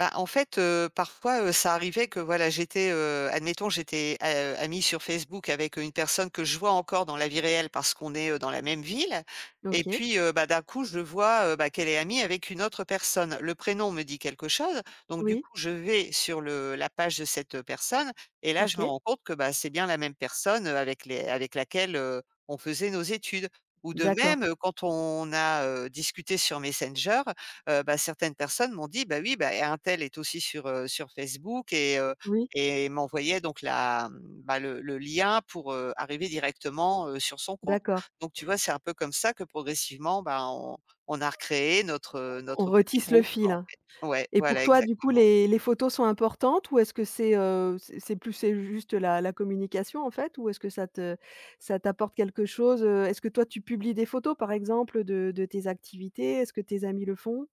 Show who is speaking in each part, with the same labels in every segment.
Speaker 1: Bah, en fait, heu, parfois, heu, ça arrivait que voilà, j'étais, heu, admettons, j'étais a, heu, amie sur Facebook avec, heu, une personne que je vois encore dans la vie réelle parce qu'on est, heu, dans la même ville. Et
Speaker 2: OK.
Speaker 1: puis, heu, bah, d'un coup, je vois, heu, bah, qu'elle est amie avec une autre personne. Le prénom me dit quelque chose. Donc du
Speaker 2: Oui.
Speaker 1: coup, je vais sur le la page de cette, heu, personne et là, je me
Speaker 2: OK.
Speaker 1: rends compte que, bah, c'est bien la même personne, heu, avec les avec laquelle, heu, on faisait nos études. Ou de
Speaker 2: D'accord
Speaker 1: même,
Speaker 2: et
Speaker 1: heu, quand on a, heu, discuté sur Messenger, heu, bah, certaines personnes m'ont dit: «Bah, oui, bah, un tel est aussi sur, heu, sur Facebook» et heu,
Speaker 2: Oui.
Speaker 1: et m'envoyait donc la, mmh, bah, le le lien pour, heu, arriver directement, heu, sur son compte.
Speaker 2: D'accord.
Speaker 1: Donc tu vois, c'est un peu comme ça que progressivement, bah, on on a recréé notre, heu,
Speaker 2: On on
Speaker 1: notre petit
Speaker 2: retisse le
Speaker 1: groupe,
Speaker 2: fil,
Speaker 1: quoi, en
Speaker 2: hein.
Speaker 1: fait. Ouais,
Speaker 2: Et pour
Speaker 1: voilà
Speaker 2: toi, du coup,
Speaker 1: exactement.
Speaker 2: les les photos sont importantes? Ou est-ce que c'est, heu, c'est c'est plus c'est juste la la communication, en fait? Ou est-ce que ça te ça t'apporte quelque chose, heu? Est-ce que toi, tu publies des photos, par exemple, de de tes activités? Est-ce que tes amis le font?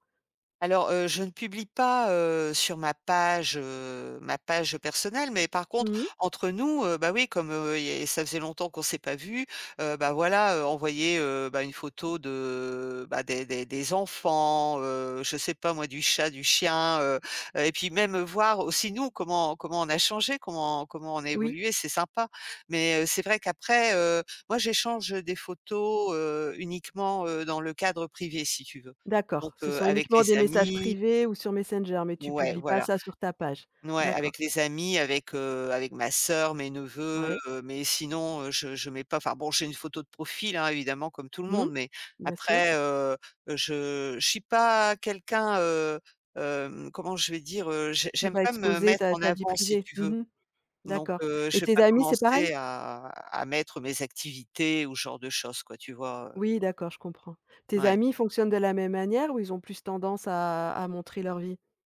Speaker 1: Alors, heu, je ne publie pas, heu, sur ma page, heu, ma page, heu, personnelle, mais par contre,
Speaker 2: Mmh.
Speaker 1: entre nous, heu, bah, oui, comme, heu, il y a ça faisait longtemps qu'on s'est pas vus, heu, bah, voilà, heu, envoyer, heu, bah, une photo de, bah, des des des enfants, heu, je sais pas moi, du chat, du chien. Heu, heu et puis, même, voir aussi nous, comment comment on a changés, comment comment on a
Speaker 2: Oui.
Speaker 1: évolués, c'est sympa. Mais heu, c'est vrai qu'après, heu, moi, j'échange des photos, heu, uniquement, heu, dans le cadre privé, si tu veux.
Speaker 2: D'accord,
Speaker 1: Donc,
Speaker 2: ce
Speaker 1: heu,
Speaker 2: sont
Speaker 1: avec
Speaker 2: uniquement
Speaker 1: les
Speaker 2: des messages
Speaker 1: amis
Speaker 2: privés ou sur Messenger, mais tu
Speaker 1: Ouais,
Speaker 2: publies pas
Speaker 1: voilà.
Speaker 2: ça sur ta page?
Speaker 1: N ouais,
Speaker 2: D'accord.
Speaker 1: avec les amis, avec, heu, avec ma soeur, mes neveux,
Speaker 2: Ouais.
Speaker 1: heu, mais sinon, heu, je je mets pas, enfin bon, j'ai une photo de profil, hein, évidemment, comme tout le
Speaker 2: Mmh.
Speaker 1: monde. Mais
Speaker 2: Bien sûr.
Speaker 1: après, heu, je je suis pas quelqu'un, heu, hem, comment je vais dire? Heu, je
Speaker 2: Qui
Speaker 1: j'aime
Speaker 2: va
Speaker 1: pas me
Speaker 2: exposer
Speaker 1: mettre
Speaker 2: ta
Speaker 1: en
Speaker 2: ta vie
Speaker 1: avant, si
Speaker 2: privée?
Speaker 1: tu veux.
Speaker 2: Mmh mh.
Speaker 1: Donc,
Speaker 2: D'accord
Speaker 1: heu,
Speaker 2: et
Speaker 1: je vais
Speaker 2: tes
Speaker 1: pas
Speaker 2: amis, c'est pareil?
Speaker 1: commencer à à mettre mes activités ou ce genre de choses quoi, tu vois? Heu
Speaker 2: Oui d'accord, je comprends. Tes
Speaker 1: Ouais.
Speaker 2: amis fonctionnent de la même manière ou ils ont plus tendance à à montrer leur vie?